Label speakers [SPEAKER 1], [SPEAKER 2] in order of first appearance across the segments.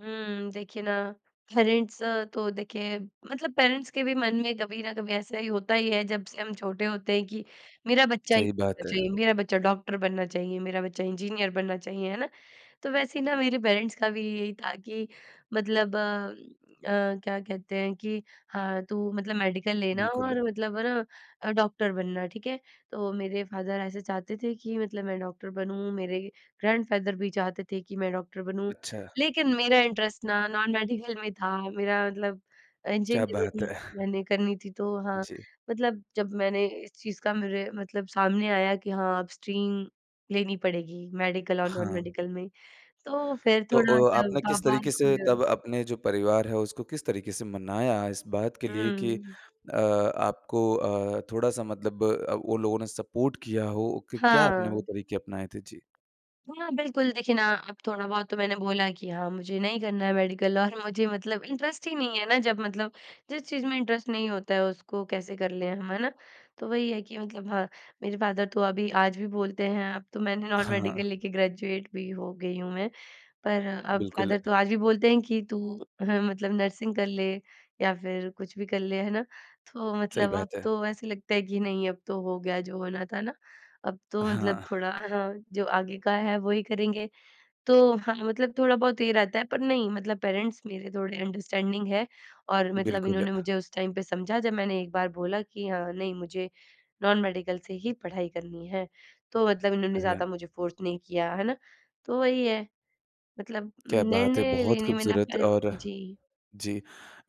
[SPEAKER 1] हुँ। देखिए ना पेरेंट्स तो देखिए मतलब पेरेंट्स के भी मन में कभी ना कभी ऐसा ही होता ही है जब से हम छोटे होते हैं कि मेरा बच्चा ही
[SPEAKER 2] सही
[SPEAKER 1] [unintelligible]
[SPEAKER 2] बात है।
[SPEAKER 1] जी, मेरा बच्चा डॉक्टर बनना चाहिए, मेरा बच्चा इंजीनियर बनना चाहिए, है ना? तो वैसे ही ना मेरे पेरेंट्स का भी यही था कि मतलब अ अ, क्या कहते हैं कि हाँ, तू मतलब मेडिकल लेना
[SPEAKER 2] बिल्कुल है।
[SPEAKER 1] और मतलब है ना, अ, डॉक्टर बनना, ठीक है। तो मेरे फादर ऐसे चाहते थे कि मतलब मैं डॉक्टर बनूँ, मेरे ग्रैंडफादर भी चाहते थे कि मैं डॉक्टर बनूँ।
[SPEAKER 2] अच्छा।
[SPEAKER 1] लेकिन मेरा इंटरेस्ट ना नॉन मेडिकल में था। मेरा मतलब अ,
[SPEAKER 2] क्या बात
[SPEAKER 1] इंजीनियरिंग
[SPEAKER 2] है!
[SPEAKER 1] मैंने करनी थी। तो हाँ,
[SPEAKER 2] जी।
[SPEAKER 1] मतलब जब मैंने इस चीज़ का मेरे मतलब सामने आया कि हाँ, अब स्ट्रीम लेनी पड़ेगी मेडिकल और नॉन
[SPEAKER 2] हाँ।
[SPEAKER 1] मेडिकल में, तो फिर
[SPEAKER 2] तो अ,
[SPEAKER 1] थोड़ा-सा
[SPEAKER 2] आपने किस
[SPEAKER 1] पापा
[SPEAKER 2] तरीके
[SPEAKER 1] को
[SPEAKER 2] से
[SPEAKER 1] ल
[SPEAKER 2] तब अपने जो परिवार है उसको किस तरीके से मनाया इस बात के लिए कि
[SPEAKER 1] हुँ।
[SPEAKER 2] अ, आपको अ, थोड़ा-सा मतलब अ, वो लोगों ने सपोर्ट किया हो कि क्या आपने वो
[SPEAKER 1] हाँ।
[SPEAKER 2] तरीके अपनाए थे? जी।
[SPEAKER 1] हाँ बिल्कुल। देखिए ना अब थोड़ा बहुत तो मैंने बोला कि हाँ मुझे नहीं करना है मेडिकल और मुझे मतलब इंटरेस्ट ही नहीं है ना, जब मतलब जिस चीज़ में इंटरेस्ट नहीं होता है उसको कैसे कर लें हम, है ना? तो वही है कि मतलब हाँ, मेरे फादर तो अभी आज भी बोलते हैं अब तो मैंने नॉन
[SPEAKER 2] हाँ, हाँ।
[SPEAKER 1] मेडिकल लेके ग्रेजुएट भी हो गई हूँ मैं। पर अब
[SPEAKER 2] बिल्कुल।
[SPEAKER 1] फादर तो आज भी बोलते हैं कि तू हाँ मतलब नर्सिंग कर ले या फिर कुछ भी कर ले, है ना। तो
[SPEAKER 2] सही
[SPEAKER 1] मतलब अब
[SPEAKER 2] बात है।
[SPEAKER 1] तो ऐसे लगता है कि नहीं अब तो हो गया जो होना था ना। अब तो मतलब
[SPEAKER 2] हाँ।
[SPEAKER 1] थोड़ा अ, हाँ, जो आगे का है वही करेंगे। तो हाँ, मतलब थोड़ा बहुत ये रहता है, पर नहीं मतलब पेरेंट्स मेरे थोड़े अंडरस्टैंडिंग हैं और मतलब
[SPEAKER 2] बिल्कुल।
[SPEAKER 1] इन्होंने मुझे उस टाइम पे समझा जब मैंने एक बार बोला कि हाँ नहीं, मुझे नॉन मेडिकल से ही पढ़ाई करनी है। तो मतलब इन्होंने
[SPEAKER 2] अच्छा।
[SPEAKER 1] ज़्यादा मुझे फ़ोर्स नहीं किया, है ना। तो वही है मतलब
[SPEAKER 2] क्या बात है!
[SPEAKER 1] निर्णय
[SPEAKER 2] बहुत
[SPEAKER 1] लेने में ना
[SPEAKER 2] खूबसूरत
[SPEAKER 1] पहले ब
[SPEAKER 2] और
[SPEAKER 1] जी।
[SPEAKER 2] जी।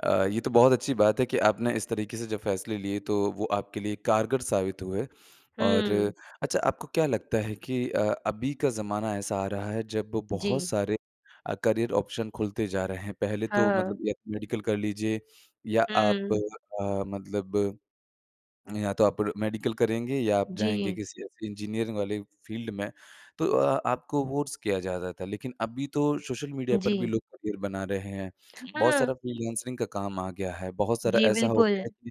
[SPEAKER 2] अ, ये तो बहुत अच्छी बात है कि आपने इस तरीके से जो फैसले लिए तो वो आपके लिए कारगर साबित हुए और
[SPEAKER 1] हुँ।
[SPEAKER 2] अच्छा आपको क्या लगता है कि अ, अभी का ज़माना ऐसा आ रहा है जब बहुत
[SPEAKER 1] जी।
[SPEAKER 2] सारे अ, करियर ऑप्शन खुलते जा रहे हैं। पहले तो
[SPEAKER 1] हाँ।
[SPEAKER 2] मतलब य मेडिकल कर लीजिए या आप
[SPEAKER 1] हुँ।
[SPEAKER 2] अ, मतलब या तो आप मेडिकल करेंगे या आप जाएँगे
[SPEAKER 1] जी।
[SPEAKER 2] किसी ऐसे इंजीनियरिंग वाली फील्ड में। तो अ, आपको फोर्स किया जाता था लेकिन अभी तो सोशल मीडिया पर भी
[SPEAKER 1] जी।
[SPEAKER 2] लोग करियर बना रहे हैं। बहुत
[SPEAKER 1] हाँ।
[SPEAKER 2] सारा फ्रीलांसिंग का काम आ गया है, बहुत सारा
[SPEAKER 1] जी,
[SPEAKER 2] ऐसा हो
[SPEAKER 1] बिल्कुल।
[SPEAKER 2] गया है कि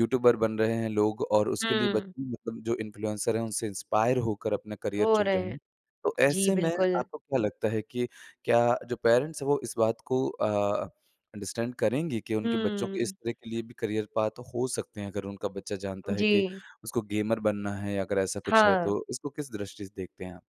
[SPEAKER 2] यूट्यूबर बन रहे हैं लोग और उसके लिए ब
[SPEAKER 1] हुँ।
[SPEAKER 2] मतलब जो इन्फ्लुएंसर हैं उनसे इंस्पायर होकर अपना करियर
[SPEAKER 1] हो
[SPEAKER 2] चुन
[SPEAKER 1] रहे
[SPEAKER 2] रहे
[SPEAKER 1] हैं।
[SPEAKER 2] हैं। तो
[SPEAKER 1] जी,
[SPEAKER 2] ऐसे में
[SPEAKER 1] बिल्कुल।
[SPEAKER 2] आपको क्या लगता है कि क्या जो पेरेंट्स हैं वो इस बात को अ, अंडरस्टैंड करेंगे कि उनके बच्चों को इस
[SPEAKER 1] हुँ।
[SPEAKER 2] तरह के लिए भी करियर पाथ हो सकते हैं अगर उनका बच्चा जानता है कि
[SPEAKER 1] जी।
[SPEAKER 2] उसको गेमर बनना है या अगर ऐसा कुछ है,
[SPEAKER 1] हाँ।
[SPEAKER 2] तो उसको किस दृष्टि से देखते हैं आप?